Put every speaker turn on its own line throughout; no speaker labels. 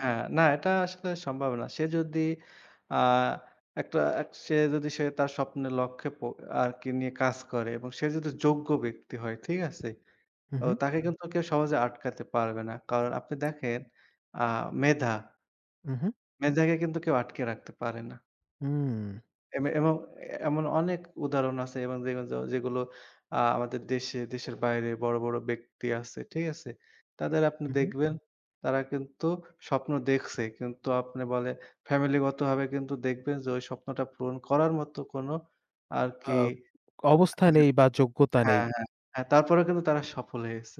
হ্যাঁ। না এটা আসলে সম্ভব না। সে যদি আ একটা সে যদি সে তার স্বপ্নের লক্ষ্যে পো আরকি নিয়ে কাজ করে এবং সে যদি
উ হু।
যোগ্য ব্যক্তি হয়। ঠিক আছে?
হু,
তো
হু।
তাকে কিন্তু কেউ সহজে আটকাতে পারবে না। কারণ আপনি দেখেন আ মেধা।
হু, হু।
মেধাকে কিন্তু কেউ আটকিয়ে রাখতে পারে না।
হুম।
এবং এমে এমন এমন অনেক উদাহরণ আছে। এবং দেখবেন যেগুলো আ আমাদের দেশে দেশের বাইরে বড় বড় ব্যক্তি আছে। ঠিক আছে? তাদের আপনি
হু, হু।
দেখবেন তারা কিন্তু স্বপ্ন দেখছে। কিন্তু আপনি বলে ফ্যামিলিগতভাবে কিন্তু দেখবেন যে ওই স্বপ্নটা পূরণ করার মতো কোন আরকি
আ অবস্থা নেই বা যোগ্যতা
হ্যাঁ,
নেই।
হ্যাঁ, হ্যাঁ। তারপরেও কিন্তু তারা সফল হয়ে গেছে।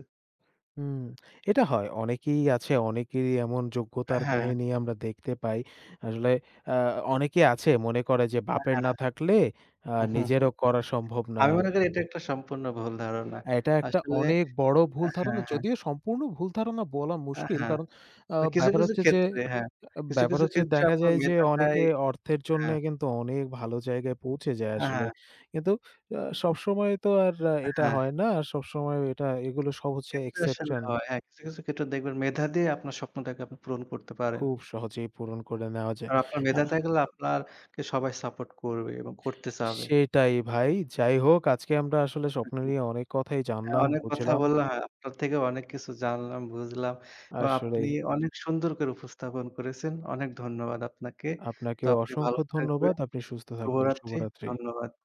উম এটা হয়। অনেকেই আছে, অনেকেরই এমন
অ্যা
যোগ্যতার
হ্যাঁ।
কাহিনী আমরা দেখতে পাই। আসলে অ্যা অনেকেই আছে মনে করে যে বাপের
হ্যাঁ।
না থাকলে আ
উহুহু,
নিজেরও করা সম্ভব না।
আমি মনে করি এটা একটা সম্পূর্ণ ভুল ধারণা।
এটা একটা
আসলে
অনেক বড়
অ্যা
ভুল
হ্যাঁ,
ধারণা।
হ্যাঁ।
যদিও সম্পূর্ণ ভুল ধারণা বলা
আ
মুশকিল
হ্যাঁ।
কারণ আ
কিছু,
ব্যাপার
কিছু
হচ্ছে যে
ক্ষেত্রে হ্যাঁ, কিছু,
ব্যাপার
কিছু
হচ্ছে
ক্ষেত্রে
দেখা
আপনার
যায় যে
মেধাটাই
অনেকে অর্থের জন্যে
হ্যাঁ
কিন্তু অনেক ভালো জায়গায় পৌঁছে যায়
আ
আসলে।
হ্যাঁ।
কিন্তু আ সবসময় তো আর এটা
হ্যাঁ।
হয় না। আর সবসময়ও এটা এগুলো সব
হ্যাঁ, কিছু, কিছু
হচ্ছে
ক্ষেত্রে আসলে
exception।
হয়। আর কিছু, কিছু ক্ষেত্রে দেখবেন মেধা দিয়ে আপনার স্বপ্নটাকে আপনি পূরণ করতে পারেন।
খুব সহজেই পূরণ করে নেওয়া
আর
যায়।
আপনার
আ
মেধা থাকলে আপনাকে সবাই support করবে। এবং করতে চাবে।
সেটাই ভাই। যাই হোক আজকে আমরা আসলে স্বপ্নে নিয়ে অনেক কথাই জানলাম,
অনেক কথা
বুঝলাম।
বললাম। হ্যাঁ, আপনার থেকে অনেক কিছু জানলাম, বুঝলাম। এবং আপনি
আসলেই।
অনেক সুন্দর করে উপস্থাপন করেছেন। অনেক ধন্যবাদ আপনাকে। তো
আপনাকে
আপনি ভালো
অসংখ্য ধন্যবাদ।
থাকবেন।
আপনি সুস্থ থাকবেন।
শুভরাত্রি।
শুভরাত্রি।
ধন্যবাদ।